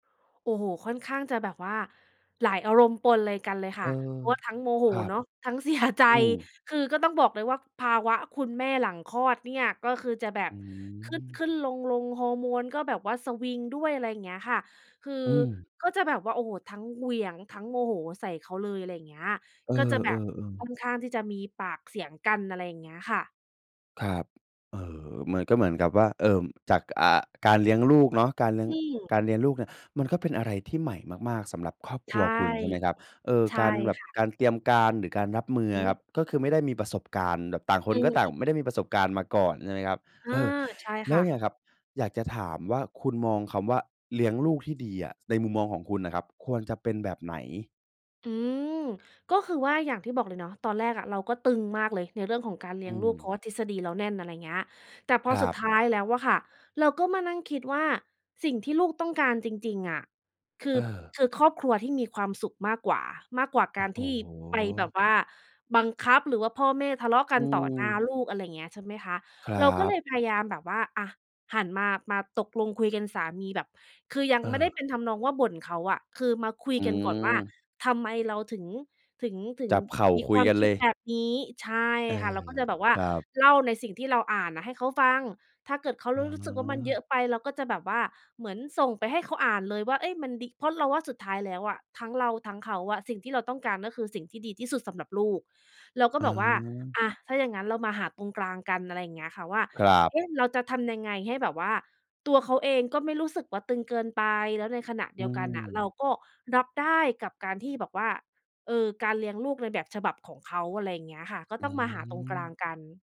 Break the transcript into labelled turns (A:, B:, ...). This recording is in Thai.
A: โอ้โฮ ค่อนข้างจะแบบว่าหลายอารมณ์ปนเลย กันเลยค
B: เอ
A: ่
B: อ
A: ะ เพราะว่าทั้งโมโห
B: ครับ
A: เนาะ ทั้ง เสีย ใจ
B: อืม
A: คือก็ต้องบอกเลยว่า ภาวะคุณแม่หลังคลอดเนี่ย ก็คือจะแบ
B: อ
A: บ
B: ื
A: ข
B: ม
A: ึ้น ๆ ลง ๆ ฮอร์โมนก็แบบว่าสวิงด้วย อะไรอย่างเงี้ยค่ะ คือ
B: อืม
A: ก็จะแบบว่า โอ้โฮ ทั้งเหวี่ยง ทั้งโมโหใส่เขาเลย อะไรเงี้ย
B: เอ
A: ก็จะแบบ
B: อ ๆ
A: ค
B: ๆ
A: ่อนข้างที่จะมีปากเสียงกัน อะไรอย่างเงี้ยค่ะ
B: ครับ เอ่อ มันก็เหมือนกับว่า เอ่อ จาก อ่า การเลี้ยงลูกเนาะการเลี้ยง
A: อืม
B: การเลี้ยงลูกเนี่ย มันก็เป็นอะไรที่ใหม่มาก ๆ สำหรับครอบ
A: ใ
B: ค
A: ช
B: รั
A: ่
B: วคุณ ใช่ไหมครับ เอ่อ
A: ใช่
B: การแบบ
A: ค่ะ
B: การเตรียมการหรือการรับมือ
A: อื
B: อ
A: อ
B: ะ
A: ฮ
B: ค
A: ึ
B: รับ ก็คือไม่ได้มีประสบการณ์ แบบต่างค
A: อ
B: น
A: ื
B: ก
A: อ
B: ็
A: ฮึ
B: ไม่ได้มีประสบการณ์มาก่อน ใช่ไหมครับ
A: อ
B: เ
A: า
B: ออ
A: ใช่
B: แล
A: ค
B: ้ว
A: ่
B: เนี
A: ะ
B: ่ยครับ อยากจะถามว่า คุณมองคำว่า เลี้ยงลูกที่ดีอะ ในมุมมองของคุณน่ะครับ ควรจะเป็นแบบไหน?
A: อืม ก็คือว่าอย่างที่บอกเลยเนาะ ตอนแรกอะ เราก็ตึงมากเลยในเรื่องของการเล
B: อ
A: ี้ย
B: ื
A: งลูก เ
B: ม
A: พราะว่าทฤษฎีเราแน่น อะไรอย่างเงี้ย แต่พ
B: ค
A: อ
B: ร
A: สุ
B: ั
A: ด
B: บ
A: ท้ายแล้วอะค่ะ เราก็มานั่งคิดว่าสิ่งที่ลูกต้องการจริง ๆ อะ คื
B: เ
A: อ
B: ออ
A: คือครอบครัวที่มีความสุขมากกว่า มากกว่า
B: โอ
A: ก
B: ้
A: ารที่
B: โ
A: ไปแบ
B: ฮ
A: บว่าบังคับ หรือว่าพ่อแม่ทะเลาะก
B: อ
A: ั
B: ื
A: นต่อหน้า
B: ม
A: ลูก อะไรอย่างเงี้ย ใช่ไหมคะ
B: ครั
A: เราก็เล
B: บ
A: ยพยายามแบบว่า อะ หันมา มาตกลงคุยกันสามีแบบ คือยัง
B: เ
A: ไม่ได้
B: ออ
A: เป็นทำนองว่าบ่นเขาอะ คือมาคุ
B: อ
A: ยกันก่อนว่า
B: ืม
A: ทำไมเราถึง ถึง ถึ
B: จ
A: ง
B: ับเข่า
A: มี
B: ค
A: ค
B: ุย
A: วาม
B: กัน
A: ค
B: เ
A: ิ
B: ล
A: ด
B: ย
A: แบบนี้ ใช่
B: เออ
A: ค่ะ เราก็จะแบบว่
B: ค
A: า
B: รับ
A: เล่าในสิ่งที่เราอ่านอะให้เขาฟัง ถ้าเกิดเขา
B: อ
A: ร
B: ๋
A: รู้สึกว่า มันเยอ
B: อ
A: ะไปเราก็จะแบบว่าเหมือนส่งไปให้เขาอ่านเลยว่า เอ๊ย มันดี เพราะเราว่าสุดท้ายแล้วอะ ทั้งเราทั้งเขาอะ สิ่งที่เราต้องการ ก็คือสิ่งที่ดีที่สุดสำหรับลูก เราก็
B: อ
A: บอกว่า
B: า
A: "อะ ถ้าอย่างงั้นเรามาหาตรงกลางกัน" อะไรอย่างเงี้ยค่ะ ว่า
B: ครับ
A: เอ๊ะ เราจะทำยังไง ให้แบบว่าตัวเขาเองก็ไม่รู้สึกว่า ตึงเกินไป แล้วในขณะ
B: อ
A: เด
B: ื
A: ียวกันน่ะ เรา
B: ม
A: ก็รับได้กับการที่แบบว่า เอ่อ การเลี้ยงลูกในแบบฉบับของเขา อะไรอย่างเงี้ยค่ะ ก็
B: อื
A: ต้องมาหาตรงกลาง
B: ม
A: กัน